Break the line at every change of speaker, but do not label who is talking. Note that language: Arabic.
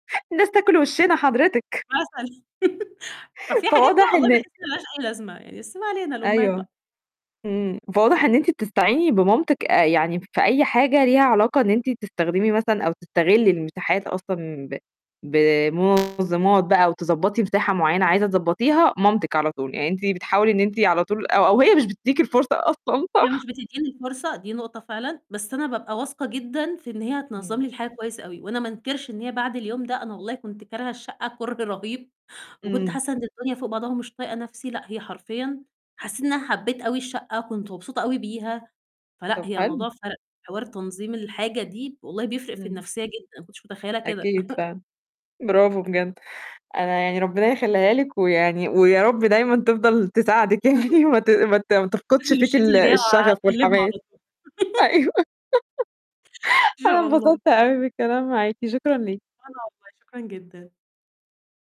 الناس تاكل وِشّنا حضرتِك.
مثلًا. ففي حاجات كده
فواضح
والله
إن
باحس إن ما لهاش أي لازمة، يعني بس ما علينا الأمهات
أيوه.
بقى.
إمم. فواضح إن أنتِ بتستعيني بمامتِك آآ، يعني في أي حاجة ليها علاقة إن أنتِ تستخدمي مثلًا أو تستغلي المساحات أصلًا ب بمنظمات بقى أو تضبّطي مساحة معينة عايزة تضبّطيها، مامتِك على طول، يعني أنتِ بتحاولي إن أنتِ على طول أو أو هي مش بتديكِ الفرصة أصلًا.
هي
صح؟
مش بتدّيني الفرصة، دي نقطة فعلًا. بس أنا بابقى واثقة جدًا في إن هي هتنظم
إمم.
لي الحاجة كويس أوي، وأنا ما أنكرش إن هي بعد اليوم ده، أنا والله كنت كارهة الشقة كره رهيب، وكنت
إمم.
حاسة إن الدنيا فوق بعضها ومش طايقة نفسي لأ، هي حرفيًا حسيت إن أنا حبيت أوي الشقة، كنت مبسوطة أوي بيها. فلأ
طب
هي
حلو.
الموضوع فرق، حوار تنظيم الحاجة دي والله بيفرق في
إمم.
النفسية جدًا، أنا ما كنتش متخيلة كده.
أكيد فعلًا. برافو بجد. أنا يعني ربنا يخلّيها لِك ويعني ويا رب دايمًا تفضل تساعدِك يعني وما ت ما ت ما تفقدش
الصيفي
فيكِ ال
والشتوي جاي
الشغف
وهاكلمها
والحماس.
على طول.
أيوه.
إن
أنا
شاء الله.
انبسطت أوي بالكلام معاكِ، شكرًا ليكِ.
وأنا والله، شكرًا جدًا.